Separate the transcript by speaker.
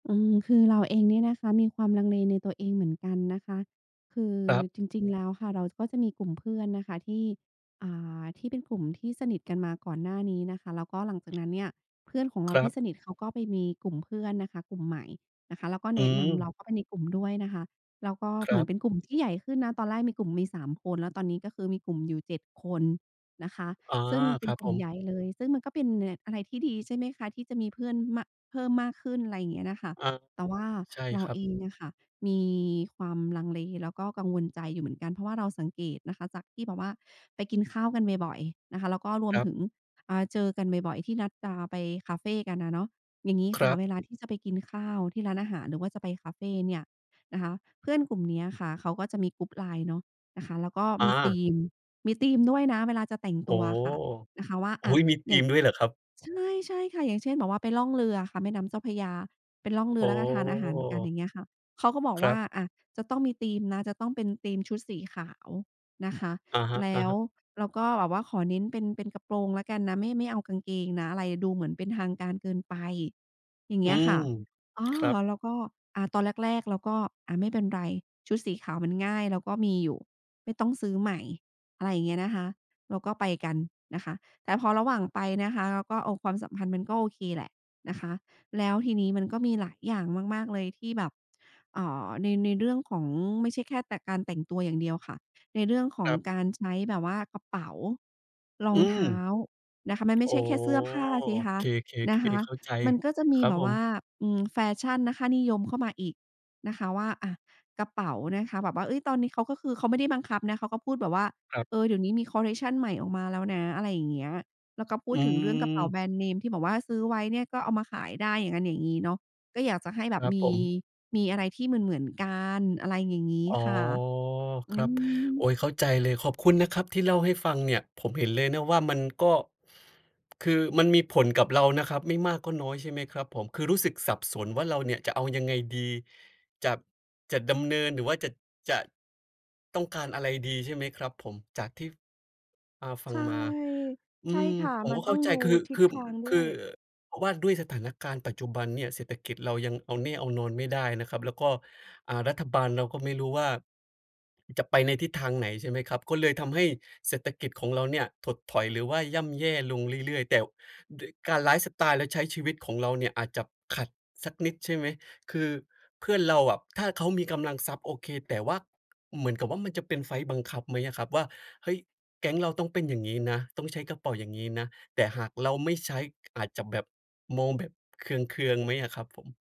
Speaker 1: อืม คือเราเองเนี่ยนะคะ มีความลังเลในตัวเองเหมือนกันนะคะ คือ
Speaker 2: ครับ
Speaker 1: จริง ๆ แล้วค่ะ เราก็จะมีกลุ่มเพื่อนนะคะ ที่ อ่า ที่เป็นกลุ่มที่สนิทกันมาก่อนหน้านี้นะคะ แล้วก็หลังจากนั้นเนี่ย เพื่อนของเ
Speaker 2: ค
Speaker 1: รา
Speaker 2: รั
Speaker 1: ที
Speaker 2: บ
Speaker 1: ่สนิทเขาก็ไปมีกลุ่มเพื่อนนะคะ กลุ่มใหม่นะคะ แล้วก็
Speaker 2: อ
Speaker 1: แ
Speaker 2: ื
Speaker 1: นะนำเรา
Speaker 2: ม
Speaker 1: เข้าไปในกลุ่มด้วยนะคะ แล้วก็
Speaker 2: ค
Speaker 1: เ
Speaker 2: ร
Speaker 1: หมื
Speaker 2: ั
Speaker 1: อ
Speaker 2: บ
Speaker 1: นเป็นกลุ่มที่ใหญ่ขึ้นนะ ตอนแรกมีกลุ่มมี 3 คน แล้วตอนนี้ก็คือมีกลุ่มอยู่ 7 คนนะคะ
Speaker 2: อ๋อ
Speaker 1: ซึ่งเป
Speaker 2: ค
Speaker 1: ็น
Speaker 2: รับ
Speaker 1: กลุ
Speaker 2: ผ
Speaker 1: ่มใ
Speaker 2: ม
Speaker 1: หญ่เลย ซึ่งมันก็เป็นอะไรที่ดี ใช่ไหมคะ ที่จะมีเพื่อน ม เพิ่มมากขึ้น ไรเงี้ยน่ะค่ะ
Speaker 2: อา
Speaker 1: แต่ว่า
Speaker 2: ใช่
Speaker 1: เรา
Speaker 2: ครั
Speaker 1: เ
Speaker 2: บ
Speaker 1: องอะค่ะมีความลังเล แล้วก็กังวลใจอยู่เหมือนกัน เพราะว่าเราสังเกตนะคะ จากที่แบบว่าไปกินข้าวกันบ่อย ๆ นะคะ แล้วก็รว
Speaker 2: ค
Speaker 1: ม
Speaker 2: รับ
Speaker 1: ถึง อ่า เจอกันบ่อย ๆ ที่นัดจะไปคาเฟกันอะเนาะ อย่างงี้
Speaker 2: ค
Speaker 1: ค
Speaker 2: ร
Speaker 1: ่ะ
Speaker 2: ับ
Speaker 1: เวลาที่จะไปกินข้าวที่ร้านอาหาร หรือว่าจะไปคาเฟเนี่ยนะคะ เพื่อนกลุ่มเนี้ยค่ะ เขาก็จะมี group LINE เนาะ นะคะ แล้วก็
Speaker 2: อ
Speaker 1: มีธ
Speaker 2: า
Speaker 1: ีม มีธีมด้วยนะเวลาจะแต่ง
Speaker 2: โอ
Speaker 1: ต
Speaker 2: ้
Speaker 1: ัว
Speaker 2: โ
Speaker 1: อะค่ะ นะคะว่า
Speaker 2: ฮ! โ
Speaker 1: อ
Speaker 2: ฮ
Speaker 1: ะ
Speaker 2: มีธ
Speaker 1: อย่
Speaker 2: ี
Speaker 1: าง
Speaker 2: มด้วยเหรอครับ?
Speaker 1: ใช่ ๆ ค่ะ อย่างเช่น แบบไปล่องเรือค่ะ แม่น้ำเจ้าพระยา ไปล่องเรื
Speaker 2: อ๋
Speaker 1: อ แล้วก็ทานอาหารกัน อย
Speaker 2: อ
Speaker 1: ่างเงี้ยค่ะ เขาก็บอก
Speaker 2: คร
Speaker 1: ว
Speaker 2: ั
Speaker 1: ่า
Speaker 2: บ
Speaker 1: อะจะต้องมีธีมนะ จะต้องเป็นธีมชุดสีขาวนะคะ
Speaker 2: อะฮ
Speaker 1: แล้ว
Speaker 2: ะ ๆ
Speaker 1: เราก็แบบว่าขอเน้นเป็น เป็นกระโปรงแล้วกันนะ ไม่ ไม่เอากางเกงนะ อะไรดูเหมือนเป็นทางการเกินไป อย่างเ
Speaker 2: อื
Speaker 1: งี้ย
Speaker 2: ม
Speaker 1: ค่ะ อา
Speaker 2: ครับ
Speaker 1: แล้วก็อะตอนแรก ๆ เราก็ อะไม่เป็นไร ชุดสีขาวมันง่ายเราก็มีอยู่ ไม่ต้องซื้อใหม่ อะไรเงี้ยนะคะ เราก็ไปกันนะคะ แต่พอระหว่างไปนะคะ เราก็เอาความสัมพันธ์มันก็โอเคแหละนะคะ แล้วทีนี้มันก็มีหลายอย่างมาก ๆ เลย ที่แบบ เอ่อ ใน ในเรื่องของ ไม่ใช่แค่แต่การแต่งตัวอย่างเดียวค่ะ ในเรื่องขอ
Speaker 2: ค
Speaker 1: ง
Speaker 2: รับ
Speaker 1: การใช้แบบว่า กระเป๋า ร
Speaker 2: อ
Speaker 1: อ
Speaker 2: ื
Speaker 1: งเ
Speaker 2: ม
Speaker 1: ท้านะคะ มันไม่
Speaker 2: อ๋
Speaker 1: ใ
Speaker 2: อ
Speaker 1: ช่แค่เสื้อผ้าสิคะ
Speaker 2: เค
Speaker 1: นะค
Speaker 2: ๆ
Speaker 1: ะ
Speaker 2: ๆ เข้าใจ
Speaker 1: มันก็จะม
Speaker 2: ค
Speaker 1: ี
Speaker 2: รับ
Speaker 1: แบ
Speaker 2: ผ
Speaker 1: บว่า
Speaker 2: ม
Speaker 1: อืม แฟชั่นนะ ค่านิยมเข้ามาอีกนะคะว่า อะ กระเป๋านะคะ แบบว่า เอ๊ย! ตอนนี้เขาก็คือเขาไม่ได้บังคับนะ เขาก็พูดแบบว่า
Speaker 2: ครับ
Speaker 1: เออ เดี๋ยวนี้มีคอลเลกชันใหม่ออกมาแล้วนะ อะไรอย่างเงี้ย แล้วก็พู
Speaker 2: อื
Speaker 1: ดถึงเรื่องกระเป๋า
Speaker 2: ม
Speaker 1: แบรนด์เนม ที่แบบว่าซื้อไว้เนี่ย ก็เอามาขายได้ อย่างงั้น อย่างงี้เนาะ ก็อยากจะให้แบ
Speaker 2: ค
Speaker 1: บ
Speaker 2: รับ
Speaker 1: ม
Speaker 2: ผ
Speaker 1: ี
Speaker 2: ม
Speaker 1: มีอะไรที่เหมือน ๆ กัน อะไรอย่างงี้
Speaker 2: อ๋อ
Speaker 1: ค่ะ อ
Speaker 2: ค
Speaker 1: ื
Speaker 2: รับ
Speaker 1: ม
Speaker 2: โอ๊ย เข้าใจเลย ขอบคุณนะครับที่เล่าให้ฟังเนี่ย ผมเห็นเลยนะว่ามันก็ คือมันมีผลกับเรานะครับไม่มากก็น้อย ใช่ไหมครับผม? คือรู้สึกสับสนว่า เราเนี่ยจะเอายังไงดี จะ จะดำเนินหรือว่าจะ จะต้องการอะไรดี ใช่ไหมครับผม จากที่ อ่า ฟั
Speaker 1: ใช
Speaker 2: ง
Speaker 1: ่
Speaker 2: มา อื
Speaker 1: ใช่
Speaker 2: ม
Speaker 1: ค่ะ
Speaker 2: ผม
Speaker 1: มั
Speaker 2: ก
Speaker 1: น
Speaker 2: ็เ
Speaker 1: ต
Speaker 2: ข
Speaker 1: ้
Speaker 2: ้
Speaker 1: อง
Speaker 2: าใจ
Speaker 1: ดู
Speaker 2: คือ
Speaker 1: ทิ
Speaker 2: ค
Speaker 1: ศ
Speaker 2: ือ
Speaker 1: ทางด้
Speaker 2: คื
Speaker 1: ว
Speaker 2: อ
Speaker 1: ย
Speaker 2: ว่าด้วยสถานการณ์ปัจจุบันเนี่ย เศรษฐกิจเรายังเอาแน่เอานอนไม่ได้นะครับ แล้วก็ อ่า รัฐบาลเราก็ไม่รู้ว่าจะไปในทิศทางไหน ใช่ไหมครับ ก็เลยทำให้เศรษฐกิจของเราเนี่ย ถดถอยหรือว่าย่ำแย่ลงเรื่อย ๆ แต่ด้วยการ ไลฟ์สไตล์และใช้ชีวิตของเราเนี่ย อาจจะขัดสักนิด ใช่ไหม? คือเพื่อนเราอะ ถ้าเขามีกำลังทรัพย์ โอเค แต่ว่าเหมือนกับว่า มันจะเป็นไฟลต์บังคับไหมอะครับว่า เฮ้ย แก๊งเราต้องเป็นอย่างงี้นะ ต้องใช้กระเป๋าอย่างงี้นะ แต่หากเราไม่ใช้ อาจจะแบบ มองแบบเคือง ๆ ไหมอะครับผม?